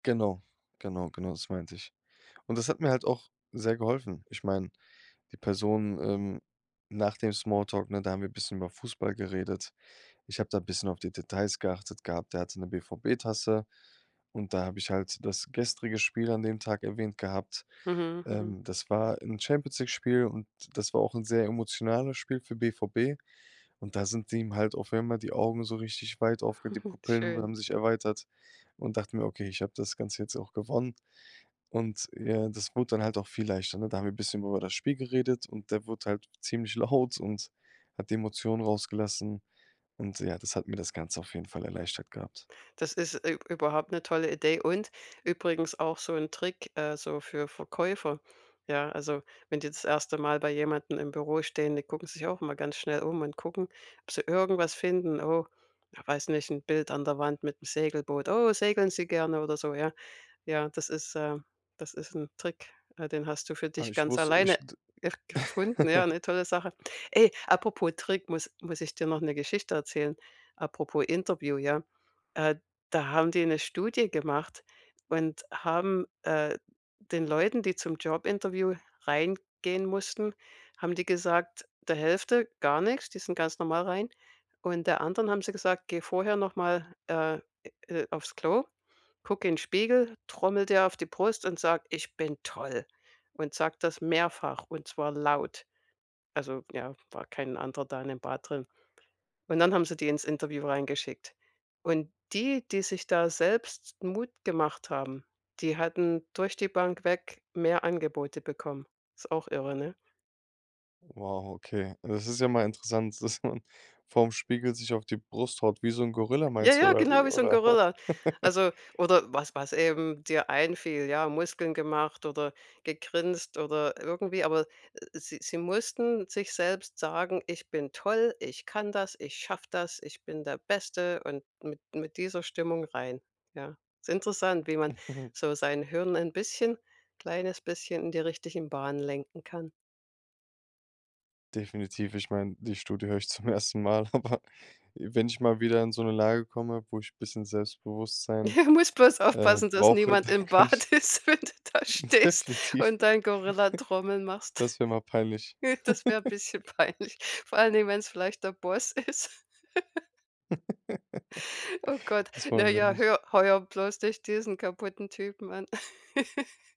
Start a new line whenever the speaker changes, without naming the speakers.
Genau, genau, genau, das meinte ich. Und das hat mir halt auch sehr geholfen. Ich meine, die Person, ähm Nach dem Smalltalk, ne, da haben wir 'n bisschen über Fußball geredet. Ich habe da bisschen auf die Details geachtet gehabt. Der hatte 'ne BVB-Tasse und da habe ich halt das gestrige Spiel an dem Tag erwähnt gehabt.
Mhm, mhm.
Ähm, das war 'n Champions League-Spiel und das war auch 'n sehr emotionales Spiel für BVB. Und da sind ihm halt auf einmal die Augen so richtig weit aufge die Pupillen
Schön.
haben sich erweitert und dachte mir: „Okay, ich hab das Ganze jetzt auch gewonnen.“ Und ja, das wurde dann halt auch viel leichter, ne? Da haben wir bisschen über das Spiel geredet und der wurde halt ziemlich laut und hat die Emotionen rausgelassen. Und ja, das hat mir das Ganze auf jeden Fall erleichtert gehabt.
Das ist, äh, ü überhaupt 'ne tolle Idee und übrigens auch so 'n Trick, äh, so für Verkäufer, ja? Also, wenn die das 1. Mal bei jemandem im Büro stehen, die gucken sich auch immer ganz schnell um und gucken, ob sie irgendwas finden. Oh, ja weiß nicht, 'n Bild an der Wand mit 'm Segelboot. „Oh, segeln Sie gerne?“ oder so, ja? Ja, das ist, äh das ist 'n Trick, äh, den hast du für
Ah,
dich
ich
ganz
wusst ich
alleine
d
gefunden, ja, 'ne tolle Sache. Ey, apropos Trick, muss muss ich dir noch 'ne Geschichte erzählen. Apropos Interview, ja? Äh, da haben die 'ne Studie gemacht und haben äh, den Leuten, die zum Jobinterview reingehen mussten, haben die gesagt der Hälfte gar nix, die sind ganz normal rein. Und der anderen haben sie gesagt: „Geh vorher noch mal, äh, äh, auf's Klo, guck in Spiegel, trommel dir auf die Brust und sag: ,Ich bin toll!'" Und sag das mehrfach, und zwar laut.“ Also, ja, war kein anderer da in dem Bad drin. Und dann haben sie die ins Interview reingeschickt. Und die, die sich da selbst Mut gemacht haben, die hatten durch die Bank weg mehr Angebote bekommen. Ist auch irre, ne?
Wow, okay. Das ist ja mal interessant, dass man vor'm Spiegel sich auf die Brust haut wie so 'n Gorilla, meinst du
Jaja,
oder
genau
wie,
wie so 'n
oder?
Gorilla, also, oder was was eben dir einfiel, ja, Muskeln gemacht oder gegrinst oder irgendwie, aber sie sie mussten sich selbst sagen: „Ich bin toll, ich kann das, ich schaffe das, ich bin der Beste.“ Und mit mit dieser Stimmung rein, ja? Ist interessant, wie man so sein Hirn ein bisschen kleines bisschen in die richtigen Bahnen lenken kann.
Definitiv. Ich meine, die Studie höre ich zum 1. Mal, aber wenn ich mal wieder in so 'ne Lage komme, wo ich bisschen Selbstbewusstsein,
Musst bloß
äh,
aufpassen, dass
brauche,
niemand
dann
im
kann ich
Bad ist, wenn du da stehst
Definitiv.
und deinen Gorillatrommeln machst.
Das wäre mal peinlich.
Das wär bisschen peinlich, vor allen Dingen, wenn's vielleicht der Boss ist. Oh Gott.
Das wollen wir ja
Naja,
nicht.
„Hör heuer bloß nicht diesen kaputten Typen an“.